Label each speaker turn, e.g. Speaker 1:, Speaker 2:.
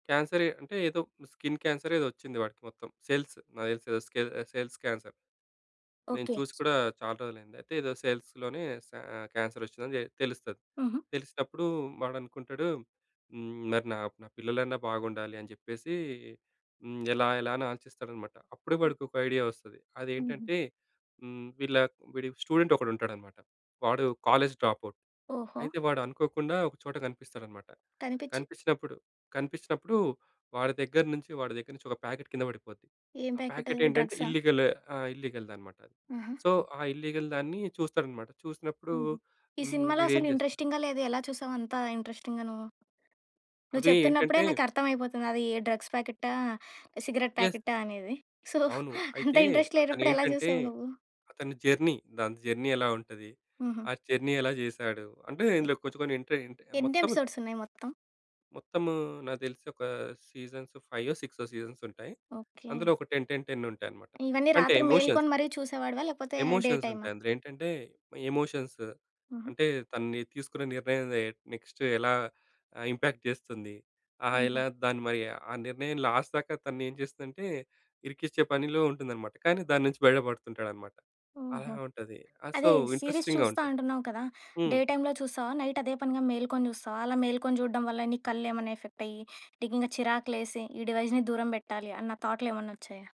Speaker 1: క్యాన్సరే, అంటే ఏదో skin cancer ఏదో వచ్చింది వాడికి మొత్తం సెల్స్ నాకు తెలిసి సెల్స్ క్యాన్సర్. నేను
Speaker 2: ఓకె.
Speaker 1: చూసి కూడా చాలా రోజులైంది. అయితే ఏదో సెల్స్‌ లోనే స ఆహ్, క్యాన్సర్ వచ్చిందని తెలుస్తది.
Speaker 2: హుహు.
Speaker 1: తెలిసినప్పుడు వాడనుకుంటాడు హ్మ్. మరి నా, నా పిల్లలన్నా బాగుండాలి అని చెప్పేసి హ్మ్, ఎలా ఎలా అని ఆలోచిస్తాడనమాట. అప్పుడు
Speaker 2: హ్మ్.
Speaker 1: వాడికి ఒక ఐడియా వస్తది.
Speaker 2: హుహు.
Speaker 1: అదేంటంటే హ్మ్, వీళ్ళ వీడి స్టూడెంట్ ఒకడుంటాడన్నమాట. వాడు కాలేజ్ డ్రాపౌట్.
Speaker 2: ఓహో!
Speaker 1: అయితే వాడనుకోకుండా ఒక చోట కనిపిస్తాడన్నమాట.
Speaker 2: కనిపిచి?
Speaker 1: కనిపిచినప్పుడు, కనిపిచినప్పుడు వాడి దగ్గర్నుంచి వాడి దగ్గర నుంచి ఒక ప్యాకెట్ కింద పడిపోద్ది.
Speaker 2: ఏం
Speaker 1: ఆ
Speaker 2: ప్యాకెట్
Speaker 1: ప్యాకెట్
Speaker 2: అది
Speaker 1: ఏంటంటే
Speaker 2: డ్రగ్సా?
Speaker 1: ఇల్లిగల్ ఆ! ఇల్లిగల్‌ది అనమాట.
Speaker 2: అహ!
Speaker 1: సో, ఆ ఇల్లీగల్ దాన్ని చూస్తాడన్నమాట. చూసినప్పుడు
Speaker 2: హుహు. ఈ
Speaker 1: హ్మ్.
Speaker 2: సినిమాలో
Speaker 1: వీడు ఏం
Speaker 2: అసలు
Speaker 1: చేస్తాడు
Speaker 2: ఇంట్రెస్టింగ్‌గా లేదు ఎలా చూసావు అంత ఇంట్రెస్టింగ్‌గా నువ్వు? నువ్వు
Speaker 1: అవి
Speaker 2: చెప్తున్నప్పుడే
Speaker 1: ఏంటంటే
Speaker 2: నాకర్థం అయిపోతది అది డ్రగ్స్ ప్యాకెటా? Cigarette
Speaker 1: yes.
Speaker 2: ప్యాకెటా? అనేది. సో,
Speaker 1: అవును.
Speaker 2: అంత
Speaker 1: అయితే
Speaker 2: ఇంట్రెస్ట్ లేనప్పుడు ఎలా
Speaker 1: అతనేంటంటే
Speaker 2: చూసావు నువ్వు?
Speaker 1: అతని జర్నీ, దాంతో జర్నీ ఎలా ఉంటది?
Speaker 2: హుహు.
Speaker 1: ఆ జర్నీ ఎలా చేసాడు? అంటే ఇందులో
Speaker 2: యాహ్!
Speaker 1: కొంచెం కొన్ని ఇంట్రె ఇంట్రె
Speaker 2: ఎన్ని
Speaker 1: మొత్తం
Speaker 2: ఎపిసోడ్స్ ఉన్నాయి మొత్తం?
Speaker 1: మొత్తము నాకు తెలిసి ఒక సీజన్స్ ఫైవో, సిక్సో సీజన్స్ ఉంటాయి.
Speaker 2: ఓకె.
Speaker 1: అందులో ఒక 10, 10, 10 ఉంటాయన్నమాట.
Speaker 2: ఇవన్నీ
Speaker 1: అంటే
Speaker 2: రాత్రి
Speaker 1: ఎమోషన్స్...
Speaker 2: మేల్కొని మరి చూసేవాడివా లేకపోతే, డే
Speaker 1: ఎమోషన్స్
Speaker 2: టైమా?
Speaker 1: ఉంటాయి. అందులో ఏంటంటే ఎమోషన్స్
Speaker 2: హుహు.
Speaker 1: అంటే తనని తీసుకున్న నిర్ణయం నె నెక్స్ట్ ఎలా ఆహ్, ఇంపాక్ట్ చేస్తుంది? ఆహ్,
Speaker 2: హుహు.
Speaker 1: ఎలా దాన్ని మరి ఆ నిర్ణయం లాస్ట్ దాకా తన ఏం చేస్తుందంటే ఇరికించే పనిలో ఉంటుందన్నమాట. కానీ దాని నుంచి బయట పడుతుంటాడనమాట. అలా
Speaker 2: ఓహో!
Speaker 1: ఉంటది. ఆహ్, సో,
Speaker 2: అదే సీరీస్
Speaker 1: ఇంట్రెస్టింగ్‌గా
Speaker 2: చూస్తా
Speaker 1: ఉంటది.
Speaker 2: అంటున్నావు కదా! డే
Speaker 1: హ్మ్.
Speaker 2: టైమ్‌లో చూస్తావా? నైట్ అదే పనిగా మేల్కొని చూస్తావా? అలా మేల్కొని చూడడం వల్ల నీ కళ్లేమన్నా అయ్యి నీకింక చిరాకులేసి ఈ డివైస్‌ని దూరం పెట్టాలి అన్న థాట్‌లేమన్నా వచ్చాయా?